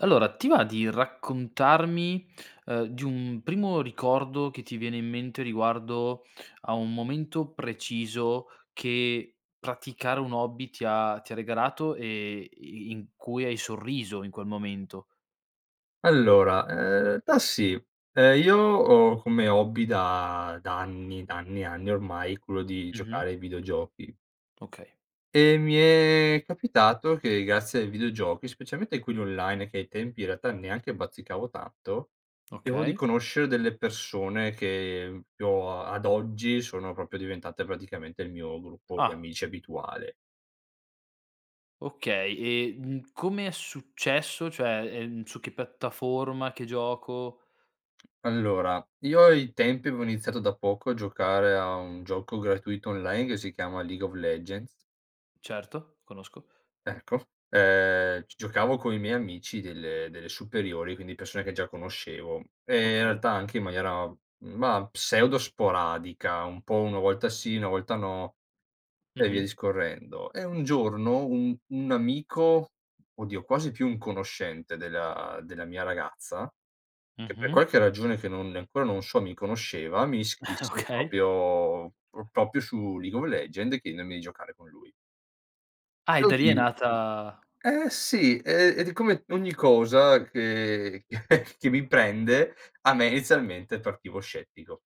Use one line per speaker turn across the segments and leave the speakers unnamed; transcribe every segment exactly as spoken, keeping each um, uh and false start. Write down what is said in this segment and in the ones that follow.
Allora, ti va di raccontarmi, ehm, di un primo ricordo che ti viene in mente riguardo a un momento preciso che praticare un hobby ti ha ti ha regalato, e i i in cui hai sorriso in quel momento?
Allora, ehm, ltà sì. Ehm, io ho come hobby da da anni, da anni e anni ormai, quello di
Mh-mh.
giocare ai videogiochi.
Okay.
E mi è capitato che grazie ai videogiochi, specialmente in quelli online che ai tempi, in realtà, neanche bazzicavo tanto [unintelligible] di
Okay.
conoscere delle persone che, mhmm, popio a ad oggi, sono propio diventate praticamente il mio gruppo di
Ah.
amici abituale.
Okay, e n come è successo? Cioè, ehm, su che piattaforma? Che gioco?
Allora, io ai tempi avevo iniziato da poco a giocare a un gioco gratuito online, che si chiama League of Legends.
Certo, conosco.
Eccof, ehm, g giocavo coi miei amici delle delle superiori, quindi persone che già conoscevo e, in
Okay.
realtà, anche in maniera, mah, pseudo sporadica, un po' uno volta sì, una volta no, e via
Mh-mh.
discorrendo. E un giorno, un un amico, oddio quasi più un conoscente, della della mia ragazza, che per
Mh-mh.
qualche ragione che non e ancora non so mi conosceva, mi ischisse
Okay.
propio pro propio su League of Legend, chienenomi di giocare con lui.
Ah, e
Io
da lì é
ti
nata
eh, sì e ed come ogni cosa che che mi prende, a me izialmente partivo scettico.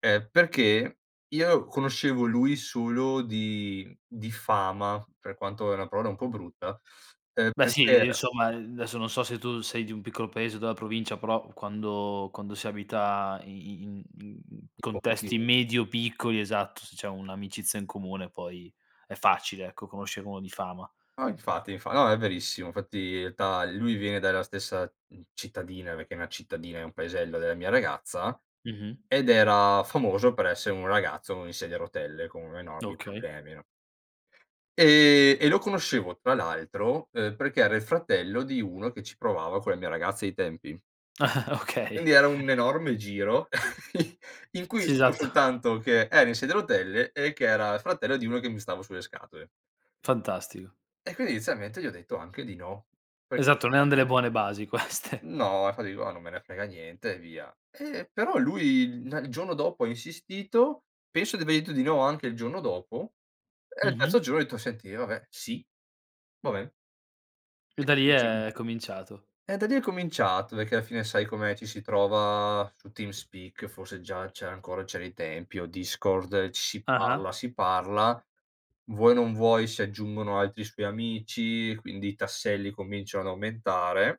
Ehm, perché io conoscevo lui solo di di fama, per quanto è una parola un po' brutta, ehm,
Beh, sì,
perché
ehm,
era
insomma, ehm, n adesso non so se tu sei di un piccolo paese della provincia, però quando quando si abita i i in in in
Tipo,
contesti
che
medio piccoli, esatto, se c'è un'amicizia in comune poi è facile, ecco, conoscere uno di fama.
No, infatti infa no, è verissimo. Fatti, i ltà i lui viene dalla stessa, mhmm, cittadina, pechè è una cittadina, è un paesello della mia ragazza,
Mh-mh.
ed era famoso per essere un ragazzo in sedia a rotelle, con enormi
Okay.
problemi, no. Ehm, e lo conoscevo, tra l'altro, uhm, perché era il fratello di uno che ci provava con la mia ragazza ai tempi. Quindi
Okay.
era un enorme giro, in in cui
Si,
[unintelligible]
satto.
soltanto che era in sedia a rotelle, e che era fratello di uno che mi stava sulle scatole.
Fantastico.
E quini inizialmente gli ho detto anche di no, perchè
Esatto, non eran
somma
delle
[unintelligible]
buone basi queste.
No, infa digo: "Oh, non me ne frega niente," e via. Ehm, però lui il na il giono dopo ha insistito, penso di avergli detto di no anche il giorno dopo, e il terzo
Mh-mh.
giorno ho detto: "Senti, eh vabbè, sì! Va ben."
E da lì è
[unintelligible]
cominciato.
E da lì è cominciato, pechè alla fine sai com'è, ci si trova su Team Speak, forse già c'era ancora cià dai tempi, o Discord, ci si parla
Ah-ah.
si parla. Vuoi o non vuoi si aggiungono altri suoi amici, quindi i tasselli cominciano ad aumentare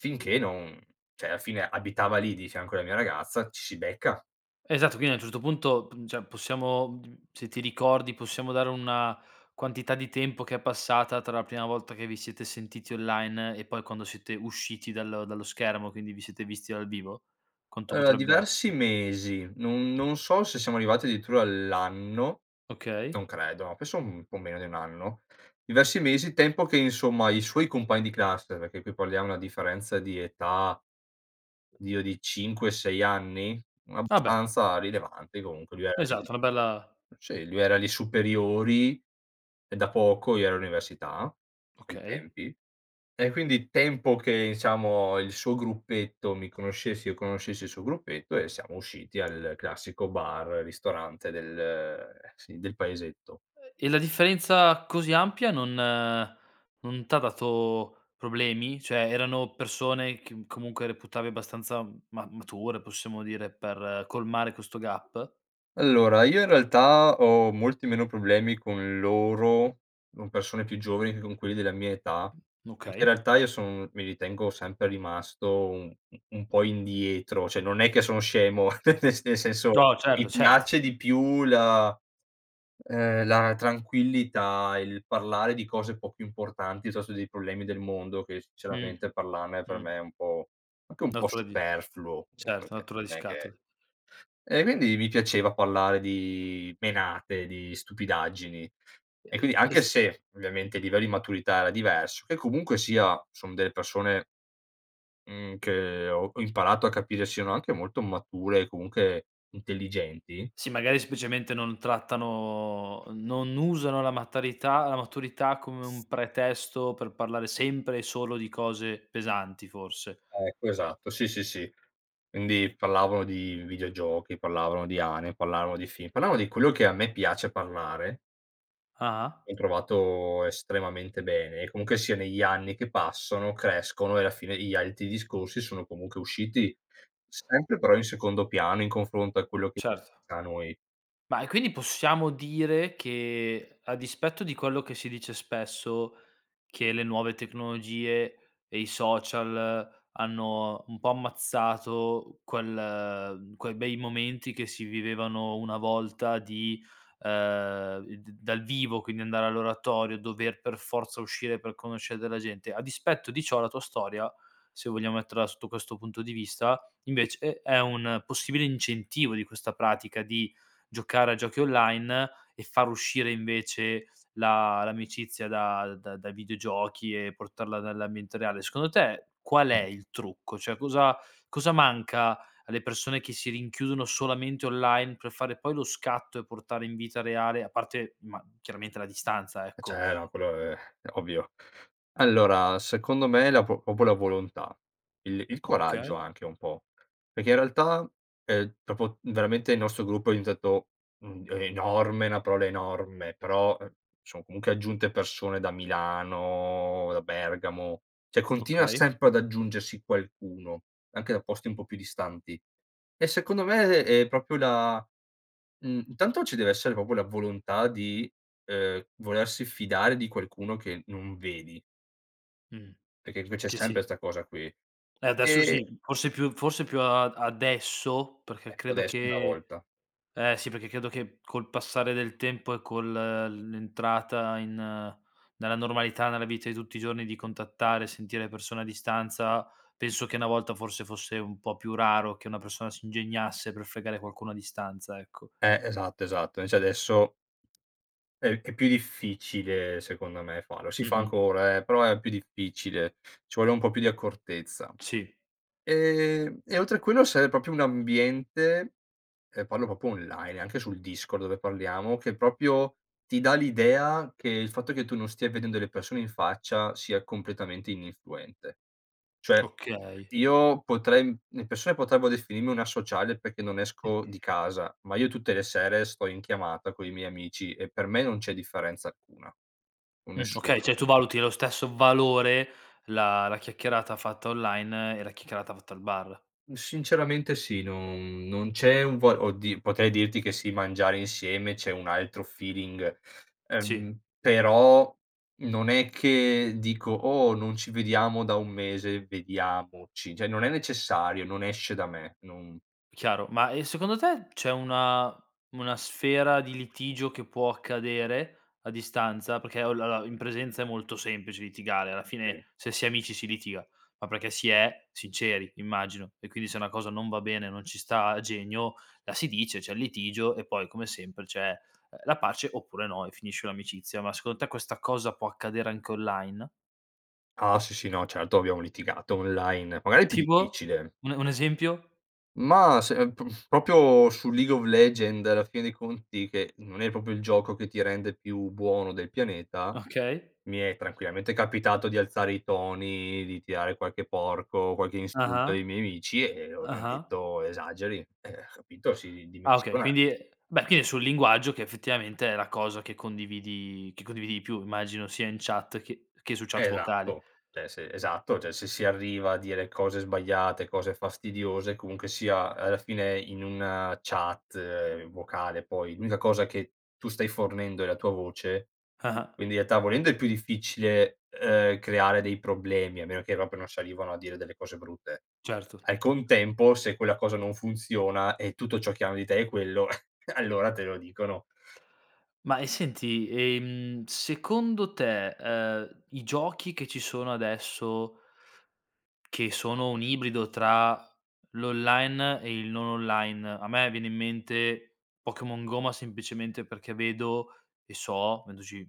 finché non ceh, alla fine abitava lì, di fianco alla mia ragazza, ci si becca.
Esatto, quindi a un certo punto, pun ceh possiamo mhmm, se ti ricordi, possiamo dare una quantità di tempo che è passata tra la prima volta che vi siete sentiti online, e poi quando siete usciti dallo dallo schermo, quindi vi siete visti dal vivo? Quanto
Aloa
potrebbe
diversi
essere?
mesi, non non so se siamo arrivati dirittura all'anno,
Okay.
non credo, pesso un po' meno di un anno. Diversi mesi, tempo che, insomma, i suoi compagni di classe perché qui parliamo una differenza di età, dio di cinque, sei anni? Un
Ah, beh!
abbastanza rilevante comunque. [unintelligible]
Esatto, una bella
Sì, lui era li superiori, e da poco io ero all'università, ai
Okay.
tempi. E quindi tempo che, ciamo, il suo gruppetto mi conoscessi e io conoscessi il suo gruppetto, e siamo usciti al classico bar, ristorante del sì, del paesetto.
E la differenza così ampia, non non t'ha dato problemi? Cioè, erano persone chem comunque reputavi abbastanza ma mature, possiamo dire, per colmare questo gap?
Allora, io in realtà ho molti meno problemi con loro, non persone più giovani che con quelli della mia età, pechè in
Mokey.
realtà io son mi ritengo sempre rimasto u u un po' indietro ceh, non è che sono scemo, nel sen nel senso,
No, certo,
mi
certo.
piace di più la ehm, la tranquillità, il parlare di cose po' più importanti, piuttosto dei problemi del mondo che,
Mh.
sicceramente, parlarne per
Mh.
me è un po' anche un po'
Nottura di
superfluo
certo,
[unintelligible]
nottura di
non è che
scatole.
e guindi, mi piaceva parlare di menate, di stupidaggini.
E
E quindi
e e
anche
s
se, ovviamente i livello i maturità era diverso che comunque sia son delle persone mhmm, che ho ho imparato a capire siano anche molto mature, comunche intelligenti.
Sì, magari seplicemente non trattano non usano la matorità la maturità come un pretesto per parlare sempre e solo di cose pesanti, forse.
Ecco, esatto, sì, sì, sì. Indi, pallavano di videogiochi, parlavano di ane, pallavano di film, parlavano di quello che a me piace parlare.
Ah-ah.
Ho trovato estremamente bene. E comunche sia, negli anni che passano crescono, e la fine gli alti discorsi sono comunche usciti, sempre però in secondo piano in confronto a quello che [unintelligible]
Certo.
a noi.
Ma, e quindi possiamo dire che a dispetto di quello che si dice spesso, che le nuove tecnologie e i social hanno un po' ammazzato quel quei bei momenti che si vivevano una volta di, ehm, i d dal vivo, quindi andare all'oratorio, dover per forza uscire per conoscere della gente. A dispetto di ciò la tua storia, se vogliamo metterla sotto questo punto di vista, invece è un possibile incentivo di questa pratica di giocare a giochi online e far uscire, invece, la l'amicizia da da da videogiochi e portarla dall'ambiente reale. Secondo te, qual è il trucco? Cioè, cosa cosa manca alle persone che si rinchiudono solamente online per fare poi lo scatto, e portare in vita reale a parte, ma chiaramente la distanza,
Ehm,
ecco?
ceh no quello è ovvio. Allora, secondo me la pro popo la volontà, il il
Okay.
coraggio, anche un po'. Perché in realtà, el propo veramente il nostro gruppo è dientato, uhm, enorme, una parola enorme, però, ehm, son comunque aggiunte persone da Milano, da Bergamo; ceh, continua
Okay.
sempre ad aggiungersi qualcuno, anche da posti un po' più distanti. E secondo me, è propio la mhmm, intanto ci deve essere propo la volontà di, ehm, volersi fidare di qualcuno che non vedi.
Mh,
Perché qui c'è
che
sempre
si
'sta cosa qui.
Eh, adesso
E
sì. Forse più forse più a ad adesso, perché
Ecco,
credo
adesso è una
che
volta.
eh sì, perché credo che col passare del tempo e col il l'entrata in nella normalità, nella vita di tutti i giorni di contattare e sentire le persone a distanza, penso che una volta, forse, fosse un po' più raro che una persona si ingegnasse per fregare qualcuno a distanza, ecco.
Eh, esatto, esatto. nvece adesso È è più difficile, secondo me farlo. Si fa
Mh-mh.
ancora, eh, però è più difficile. Ci vuole un po' più di accortezza.
Si.
Ehm, e oltre quello sere, propio un ambiente ehm, parlo propo online, e anche sul Discord dove parliamo, che propio ti dà l'idea che, il fatto che tu non stia vedendo le persone in faccia sia completamente ininfluente. Cioè,
Okay.
io potrei im le persone potrebbero definirmi un asociale perché non esco di casa, ma io tutte le sere sto in chiamata coi miei amici e per me non c'è differenza alcuna.
Mh,
Nessuna.
okay. ceh, tu valuti lo stesso valore, la la chiacchierata fatta online e la checcherata fatta al bar.
Sinceramente sì, non non c'è un vo oddi potrei dirti che, sì, mangiare insieme c'è un altro feeling,
Si.
ehm, però non è che dico: "Oh! Non ci vediamo da un mese, vediamoci." ceh, non è necessario, non esce da me, non
Chiaro. Ma, e secondo te c'è una una sfera di litigio che può accadere a distanza? Pecchè, olla la la in presenza è molto semplice litigare, alla
Sì.
fine se si è amici si litiga, ma perché si è sinceri immagino, e quindi se una cosa non va bene, non ci sta a genio, la si dice, c'è il litigio e poi come sempre c'è, ehm, la pace oppure no e finisce un'amicizia. Ma secondo te questa cosa può accadere anche online?
Ah, sì, sì no, certo abbiamo litigato online; magari più
Tipo?
difficile.
Un e un esempio?
Mah, semp propio sul League of Legends, alla fine dei conti, che non è propio il gioco che ti rende più buono del pianeta,
Okay.
mi è tranquillamente capitato di alzare i toni, di tirare qualche porco, qualche insulto
Ah-Ah.
ai miei amici e loro mi han
Ah-Ah.
detto: "Esageri!" Ehm, ho capito si
Ah, okay
ridimensiona.
quindi è beh, quini è sul linguaggio, che effettivamente è la cosa che condividi che condividi di più, immagino sia in chat che che su chat vocale.
Esatto, ceh se esatto, ceh se si arriva a dire cose sbagliate, cose fastidiose comunque sia, alla fine, in una chat vocale poi l'unica cosa che tu stai fornendo è la tua voce,
Ah-ah.
quindi i ealtà, volendo è più difficile, uhm, creare dei problemi a meno che propio non salivano a dire delle cose brutte.
Certo.
Al contempo, se quella cosa non funziona, e tutto ciò che hanno di te è quello, allora te lo dicono.
Ma e senti, ehm, secondo te, uhm, i giochi che ci sono adesso, che sono un ibrido tra l'online e il non online, a me viene in mente Pokémon Go, ma semplicemente perché vedo, e so vendoci,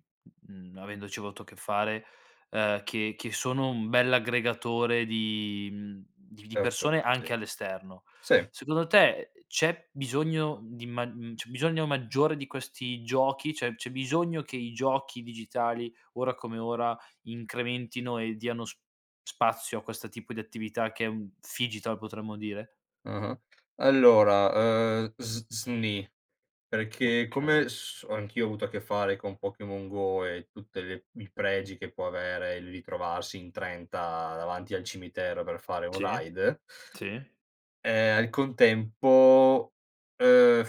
mh mhmm avendoci voto a che fare, ehm, che che sono un bell'aggregatore di, mhmm di di persone
[unintelligible]
anche all'esterno.
.Si.
Secondo te, c'è bisogno di mag mhmm, c'è bisogno maggiore di questi giochi? ceh, c'è bisogno che i giochi digitali, ora come ora, incrementino e diano s spazio a questo tipo di attività che è un phygital, potremmo dire?
Mh-mh. Allora, ehm, s sni. Perché come
Okay.
s o anch'io ho avuto a che fare con Pokémon Go, e tutte le i pregi che può avere il ritrovarsi in trenta davanti al cimitero per fare un
Si.
raid
Si.
ehm, al contempo, ehm,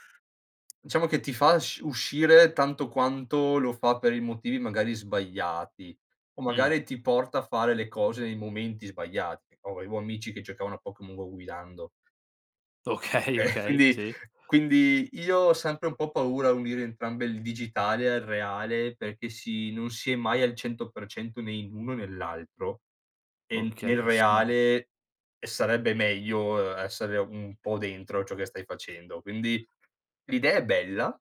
diciamo che ti fa sc uscire tanto quanto lo fa per i motivi, magari, sbagliati, o
Mh.
magari ti porta a fare le cose nei momenti sbagliati. Ovevo amici che giocavano a Pokèmon Go guidando.
Okay,
Ehm,
okay,
quindi
si.
quindi io ho sempre un po' paura a unire entrambe, il digitale al reale, perché sì, non si è mai al cento per cento né in uno né l'altro; e in nel
Okay, [unintelligible]
reale, ehm, sarebbe meglio, uhm, essere un po' dentro ciò che stai facendo. Quindi, l'idea è bella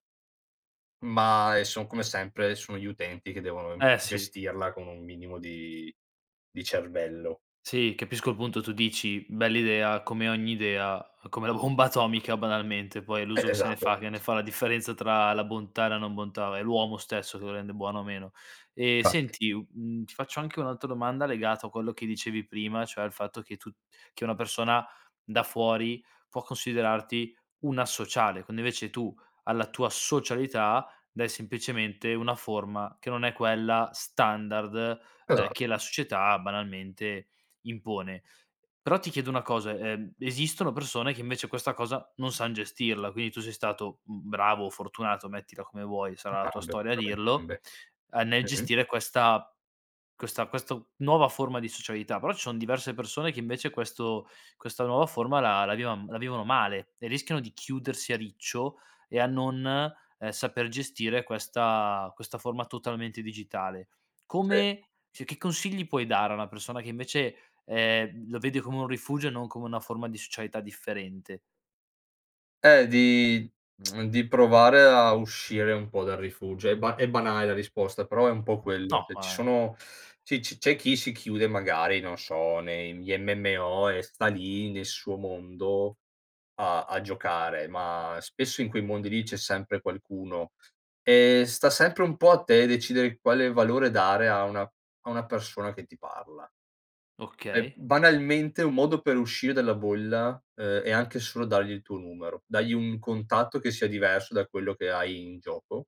ma è son come sempre, sono gli utenti che devono im
Eh, si.
gestirla con un minimo di di cervello.
Si, capisco il punto tu dici: "Bell'idea", come ogni idea, come la homba atomica, banalmente, poi è
Eh,
l'uso che se ne
esado.
fa, che ne fa la differenza tra la bontà e la non bontà; è l'uomo stesso che lo rende buono o meno. Ehm,
Fatti.
senti u mhmm, ti faccio anche un'altra domanda legato a quello che dicevi prima, cioè al fatto che tu che una persona da fuori può considerarti un associale, quando invece tu alla tua socialità dai sempicemente una forma, che non è quella standard,
Esa
ehm, che la società banalmente impone. Però ti chiedo una cosa: ehm, esistono persone che invece questa cosa non san gestirla, quindi tu sei stato, mhmm, bravo o fortunato, mettila come vuoi
[unintelligible]
sarà la tua
entrambe.
storia a dirlo, a nel
Mh-mh.
gestire questa questa questo nuova forma di socialità, però ci son diverse persone che invece questo questa nuova forma la la vivan la vivono male, e rischiano di chiudersi a riccio, e a non, ehm, saper gestire questa questa forma totalmente digitale.
Sì.
Come ceh, che consigli puoi dare a una persona che invece, ehm, lo vede come un rifugio e non come una forma di socialità differente?
Ehm, di mhmm, di provare a uscire un po' dal rifugio. È ba è banale la risposta, però è un po' quello.
No,
ceh, ci
ma
sono c'è ci c'è chi si chiude, magari, non so nei, mhmm, gli MMO e sta lì nel suo mondo, a a giocare, ma spesso in quei mondi lì c'è sempre qualcuno, e sta sempre un po' a te decidere quale valore dare a una a una persona che ti parla. E
Okay.
banalmente un modo per uscire dalla bolla, ehm, è anche solo dargli il tuo numero. Dagli un contatto che sia diverso da quello che hai in gioco,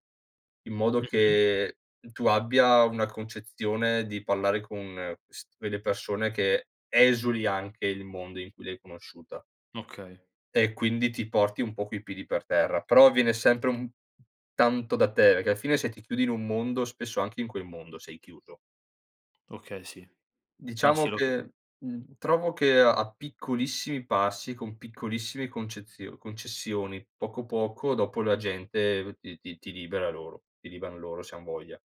in modo
Mh-mh.
che tu abbia una concezione di parlare con quest quelle persone che esuli anche il mondo in cui l'hai conosciuta.
Okay.
E quindi ti porti un po' coi piedi per terra. Però, viene sempre un tanto da te, perché alla fine se ti chiudi in un mondo, spesso anche in quel mondo sei chiuso.
Okay, sì. No,
Diciamo
sì, lo ca
che, mhmm, trovo che a piccolissimi passi, con piccolissimi concezio concessioni poco, poco dopo la gente ti ti ti libera loro, ti liberano loro se han voglia.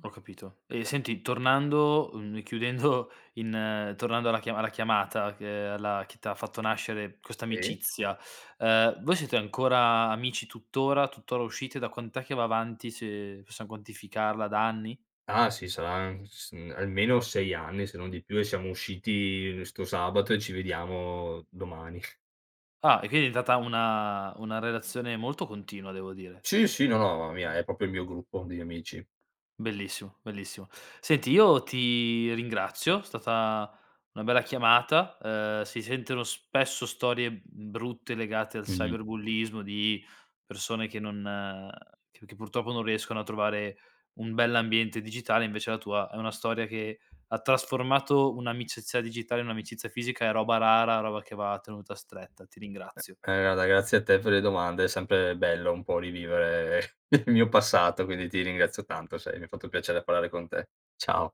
Ho capito. E senti tornando, uhm, e chiudendo in ehm, tornando alla chia alla chiamata che alla chi t'ha fatto nascere questa
Sì.
amicizia, ehm, voi siete ancora amici tuttora? Tuttora uscite? Da quant'è che va avanti, se possiam quantificarla? Da anni?
Ah, sì sarà n s almeno sei anni, se non di più e siamo usciti 'sto sabato e ci vediamo domani.
Ah, e quini è divetata una una relazione molto continua, devo dire.
Sì, sì, no, no, ma mia, è propio il mio gruppo degli amici.
Bellissimo, bellissimo. Senti, io ti ringrazio, stata una bella chiamata, uhm, si senteno spesso storie, mhmm, brutte legate al
Mh-mh.
cyberbullismo di persone che non che che purtroppo non riescono a trovare un bell'ambiente digitale, invece la tua è una storia che ha trasformato un'amicizia digitale in un'amicizia fisica, è roba rara, roba che va tenuta stretta, ti
E
ringrazio.
e guarda grazie a te per le domande, è sempre bello un po' rivivere il mio passato, quindi ti ringrazio tanto, sai, mi fatto piacere parlare con te. Ciao.